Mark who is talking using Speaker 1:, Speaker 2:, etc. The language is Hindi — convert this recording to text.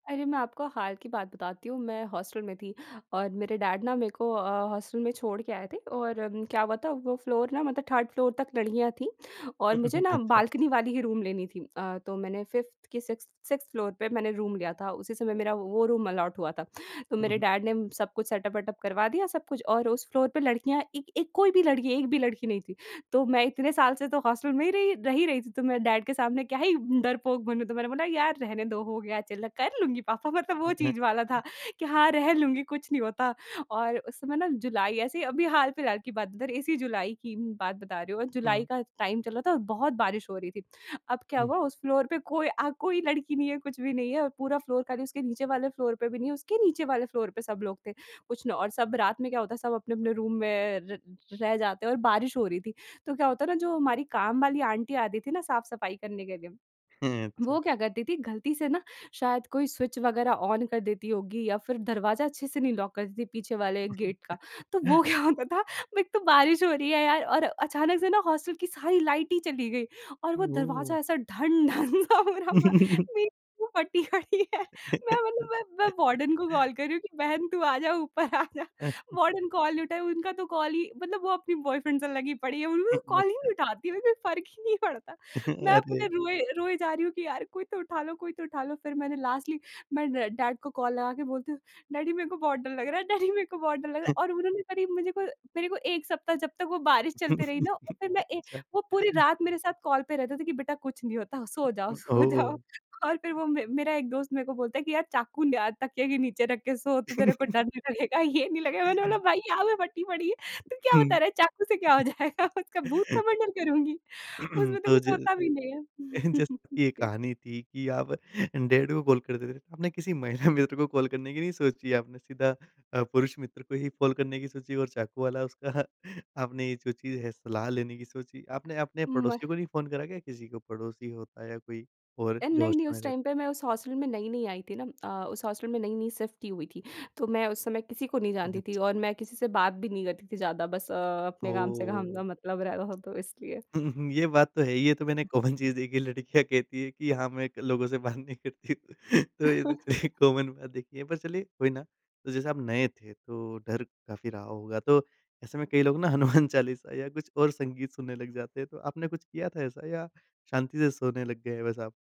Speaker 1: अरे, मैं आपको हाल की बात बताती हूँ। मैं हॉस्टल में थी और मेरे डैड ना मेरे को अ, हॉस्टल में छोड़ के आए थे और अम, क्या हुआ था, वो फ्लोर ना, मतलब 3rd फ्लोर तक लड़कियाँ थीं, और मुझे ना
Speaker 2: अच्छा।
Speaker 1: बाल्कनी वाली ही रूम लेनी थी। अ, तो मैंने, 5th कि 6th 6th फ्लोर पे मैंने रूम लिया था, उसी समय मेरा वो रूम अलॉट हुआ था। तो
Speaker 2: हुँ,
Speaker 1: मेरे
Speaker 2: हुँ।
Speaker 1: डैड ने सब कुछ सेटअप वेटअप करवा दिया सब कुछ, और उस फ्लोर पे लड़कियाँ एक एक कोई भी लड़की एक भी लड़की नहीं थी। तो मैं इतने साल से तो हॉस्टल में ही रही रह ही रही थी, तो मैं डैड के सामने क्या ही डरपोक बनूँ। तो मैंने बोला, "यार, रहने दो, हो गया चलो, कर लूँगी पापा।" मतलब वो चीज़ वाला था कि हाँ, रह लूँगी, कुछ नहीं होता। और उस समय ना जुलाई ऐसे ही अभी हाल-फिलहाल की बात बता रही, इसी जुलाई की बात बता रही हूँ, और जुलाई
Speaker 2: हुँ।
Speaker 1: का टाइम चल रहा था और बहुत बारिश हो रही थी। अब क्या
Speaker 2: हुँ।
Speaker 1: हुआ, उस फ्लोर पे कोई अ, कोई लड़की नहीं है, कुछ भी नहीं है, और पूरा फ्लोर खाली। उसके नीचे वाले फ्लोर पे भी नहीं है, उसके नीचे वाले फ्लोर पे सब लोग थे। कुछ न और सब रात में क्या होता है, सब अपने-अपने रूम में र रह जाते हैं और बारिश हो रही थी। तो क्या हुआ था ना, जो हमारी काम वाली आंटी आती थी ना साफ-सफाई करने के लिए, वो
Speaker 2: अच्छा।
Speaker 1: क्या करती थीं, गलती से ना शायद कोई स्विच वगैरह ऑन कर देती होंगी या फिर दरवाज़ा अच्छे से नहीं लॉक करती थीं पीछे वाले गेट का। तो वो क्या होता था, एक तो बारिश हो रही है यार, और अचानक से ना हॉस्टल की सारी लाइट ही चली गई, और वो
Speaker 2: ओह!
Speaker 1: दरवाज़ा ऐसा ढन-ढन सा हो रहा था। मेरी जो फटी पड़ी है। मैं मतलब मैं मैं वार्डन को कॉल कर रही हूँ कि, "बहन, तू आजा, ऊपर आजा।" वार्डन कॉल नहीं उठाईं, उनका तो कॉल ही मतलब वो अपनी बॉयफ्रेंड से लगी पड़ी है। उन लू कॉल ही नहीं
Speaker 2: अच्छा।
Speaker 1: उठाती, उन्हें फ़र्क ही नहीं पड़ता। मैं अपने
Speaker 2: अरे!
Speaker 1: रोए रोए जा रही हूँ कि, "यार, कोई तो उठा लो, कोई तो उठा लो।" फिर मैंने लास्टली, मैं ड डैड को कॉल लगा के बोलती हूँ, "डैडी, मेरे को बहुत डर लग रहा है, डैडी, मेरे को बहुत डर लग रहा है।" और उन्होंने करीब मुझे को मेरे को 1 सप्ताह जब तक वो बारिश चलती रही ना, फिर मैं ए
Speaker 2: अच्छा।
Speaker 1: वो पूरी रात मेरे साथ कॉल पे रहते थे कि, "बेटा, कुछ नहीं होता, सो जाओ,
Speaker 2: उम,
Speaker 1: सो जाओ।"
Speaker 2: ओह!
Speaker 1: और फिर वो म मेरा एक दोस्त मेरे को बोलता है कि, "यार, चाकू ले आ, तकिए के नीचे रख के सो, तो तेरे को डर नहीं लगेगा, ये नहीं लगेगा।" मैंने बोला, "भई, यहाँ पे फटी पड़ी है। तू क्या बता
Speaker 2: हुँ।
Speaker 1: रहा है, चाकू से क्या हो जाएगा? उसका भूत का मर्डर करुँगी, उसमें तो
Speaker 2: तो
Speaker 1: कुछ होता भी नहीं है।"
Speaker 2: [unintelligible] जैसे कि ये
Speaker 1: जी।
Speaker 2: कहानी थी कि आप अ, डैड को कॉल कर देते थे। आपने किसी महिला मित्र को कॉल करने की नहीं सोची? आपने सीधा अ, पुरुष मित्र को ही कॉल करने की सोची और चाकू वाला उसका आपने ये जो चीज़ है, सलाह लेने की सोची। आपने अपने
Speaker 1: मह
Speaker 2: पड़ोसियों को नहीं फ़ोन करा क्या किसी को? पड़ोसी होता है या कोई और
Speaker 1: अ,
Speaker 2: जो
Speaker 1: नहीं, नहीं,
Speaker 2: हॉस्टल में
Speaker 1: उस
Speaker 2: रह
Speaker 1: टाइम पे मैं उस हॉस्टल में नई-नई आई थी ना अ, उस हॉस्टल में नई-नई शिफ्ट ही हुई थी। तो मैं उस समय किसी को नहीं
Speaker 2: ओह!
Speaker 1: जानती थी
Speaker 2: अच्छा।
Speaker 1: और मैं किसी से बात भी नहीं करती थी ज़्यादा, बस अ अपने काम से काम का
Speaker 2: ओह!
Speaker 1: मतलब रहता था, तो इसलिए।
Speaker 2: हुँ, हुँ, ये बात तो है ही। ये तो मैंने कॉमन चीज़ देखी है, लड़कियाँ कहती हैं कि, "हाँ, मैं एक लोगों से बात नहीं करती।" तो ये चलिए कॉमन बात देखी है, पर चलिए कोई ना। तो जैसे आप नए थे, तो डर काफ़ी रहा होगा। तो ऐसे में कई लोग ना हनुमान चालीसा या कुछ और संगीत सुनने लग जाते हैं। तो आपने कुछ किया था ऐसा या शांति से सोने लग गए बस आप?